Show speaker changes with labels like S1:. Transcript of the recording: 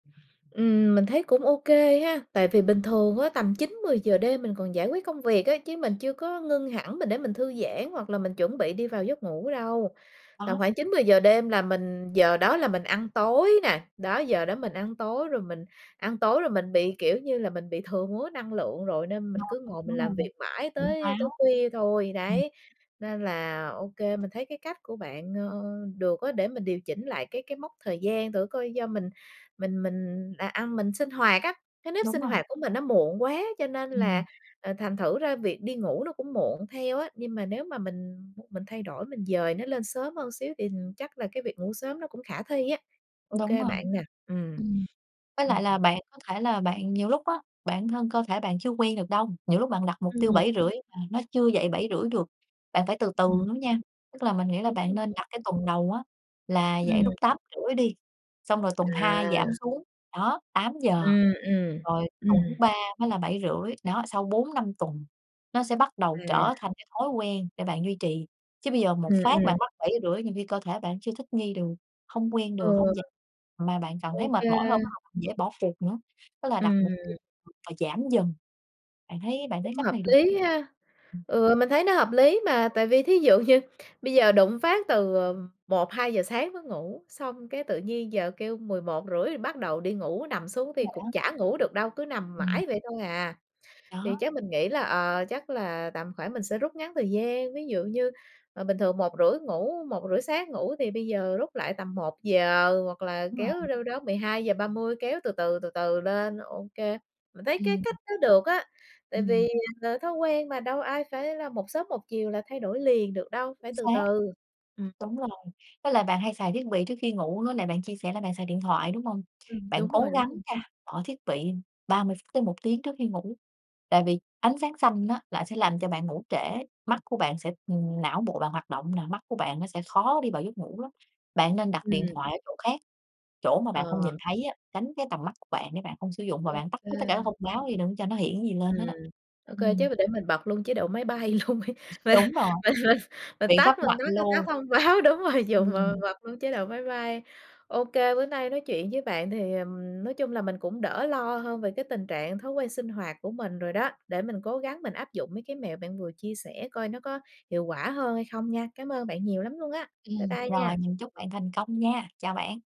S1: Ừm, mình thấy cũng OK ha, tại vì bình thường á, tầm 9:00-10:00 đêm mình còn giải quyết công việc ấy, chứ mình chưa có ngưng hẳn, mình để mình thư giãn, hoặc là mình chuẩn bị đi vào giấc ngủ đâu. Tầm
S2: Đó.
S1: khoảng 9:00-10:00 đêm là mình giờ đó là mình ăn tối nà, đó, giờ đó mình ăn tối. Rồi mình ăn tối rồi mình bị, kiểu như là, mình bị thừa mứa năng lượng rồi, nên mình
S2: No
S1: cứ ngồi
S2: ngang,
S1: mình
S2: đúng
S1: làm
S2: hông?
S1: việc mãi
S2: Tỉnh
S1: tới tới
S2: táo.
S1: khuya thôi,
S2: Ừm.
S1: đấy. Nên là, OK, mình thấy cái cách của bạn, ờ, được á, để mình điều chỉnh lại cái cái mốc thời gian thử coi. Do mình mình mình là ăn mình sinh hoạt á, cái nếp
S2: Đúng
S1: sinh
S2: hông?
S1: hoạt của mình nó muộn quá cho nên là,
S2: Ừm.
S1: ờ, thành thử ra việc đi ngủ nó cũng muộn theo á, nhưng mà nếu mà mình mình thay đổi, mình dời nó lên sớm hơn xíu thì chắc là cái việc ngủ sớm nó cũng khả thi á.
S2: Đúng
S1: OK
S2: rồi,
S1: bạn nè, ừm,
S2: ừm, với
S1: ừm.
S2: lại là bạn có thể là bạn nhiều lúc á, bản thân cơ thể bạn chưa quen được đâu, nhiều lúc bạn đặt mục tiêu
S1: Ừm.
S2: 7:30 mà nó chưa dậy 7:30 được, bạn phải từ từ
S1: Ừm.
S2: nữa nha. Tức là mình nghĩ là
S1: Đúng
S2: bạn
S1: rồi.
S2: nên đặt cái tuần đầu á là dậy
S1: Ừm.
S2: lúc 8:30 đi, xong rồi tuần 2 giảm
S1: À.
S2: xuống, đó, 8:00.
S1: Ừm, ừm,
S2: Rồi tuần thứ
S1: ừm.
S2: 3 mới là 7:30, đó, sau 4-5 tuần nó sẽ bắt đầu trở
S1: À.
S2: thành cái thói quen để bạn duy trì. Chứ bây giờ một
S1: Ừm,
S2: phát bạn
S1: ừm.
S2: bắt 7:30, nhiều khi cơ thể bạn chưa thích nghi được, hông quen
S1: Ừ.
S2: được, hông dậy mà bạn còn thấy mệt mỏi hơn, bắt
S1: OK.
S2: đầu dễ bỏ cuộc nữa. Tức là đặt mục
S1: Ừm.
S2: và giảm dần, bạn thấy bạn thấy
S1: Cũng
S2: cách
S1: hợp
S2: này được
S1: lý ha?
S2: ừm.
S1: Ừ, mình thấy nó hợp lý mà, tại vì thí dụ như bây giờ đùng một phát từ, ờ, 1:00-2:00 sáng mới ngủ, xong cái tự nhiên giờ kêu 11:30 bắt đầu đi ngủ, nằm xuống thì
S2: Đúng rồi
S1: cũng
S2: đó.
S1: chả ngủ được đâu, cứ nằm
S2: Ừm.
S1: mãi vậy thôi à. Thì
S2: Đó.
S1: chắc mình nghĩ là, ờ, chắc là tầm khoảng mình sẽ rút ngắn thời gian, ví dụ như, ờ, bình thường 1:30 ngủ, 1:30 sáng ngủ, thì bây giờ rút lại tầm 1:00, hoặc là
S2: Đúng
S1: kéo
S2: rồi.
S1: đâu đó 12:30 kéo từ từ, từ từ lên, OK. Mình thấy cái
S2: Ừm.
S1: cách đó được á, tại
S2: Ừm.
S1: vì, ờ, thói quen mà đâu ai phải là một sớm một chiều là thay đổi liền được đâu, phải
S2: Chính
S1: từ
S2: xác!
S1: từ. Ừm.
S2: Đúng rồi, với lại bạn hay xài thiết bị trước khi ngủ nữa nè, bạn chia sẻ là bạn xài điện thoại, đúng hông?
S1: Ừm,
S2: Bạn
S1: đúng
S2: cố
S1: rồi, đúng
S2: gắng
S1: rồi.
S2: nha, bỏ thiết bị 30 phút tới 1 tiếng trước khi ngủ, tại vì ánh sáng xanh á lại sẽ làm cho bạn ngủ trễ, mắt của bạn sẽ ừm, não bộ bạn hoạt động nà, mắt của bạn nó sẽ khó đi vào giấc ngủ lắm. Bạn nên đặt điện
S1: Ừm.
S2: thoại ở chỗ khác, chỗ mà bạn không
S1: Ờ.
S2: nhìn thấy á, tránh cái tầm mắt của bạn để bạn không sử dụng, và bạn tắt hết tất cả các
S1: OK.
S2: thông báo đi, đừng có cho nó hiện gì lên hết
S1: Ừm,
S2: á.
S1: OK,
S2: Ừm.
S1: chứ m để mình bật luôn chế độ máy bay luôn đi. Mình
S2: Đúng rồi.
S1: mình mình mình
S2: Biện
S1: tắt
S2: pháp
S1: mình tắt luôn
S2: mạnh
S1: mấy cái cái
S2: luôn.
S1: thông báo, đúng rồi, dùng mà
S2: Ừm.
S1: bật luôn chế độ máy bay. OK, bữa nay nói chuyện với bạn thì, ờm, nói chung là mình cũng đỡ lo hơn về cái tình trạng thói quen sinh hoạt của mình rồi đó, để mình cố gắng mình áp dụng mấy cái mẹo bạn vừa chia sẻ coi nó có hiệu quả hơn hay không nha. Cám ơn bạn nhiều lắm luôn á. Bye
S2: Ừm,
S1: bye nha.
S2: rồi, mình chúc bạn thành công nha, chào bạn.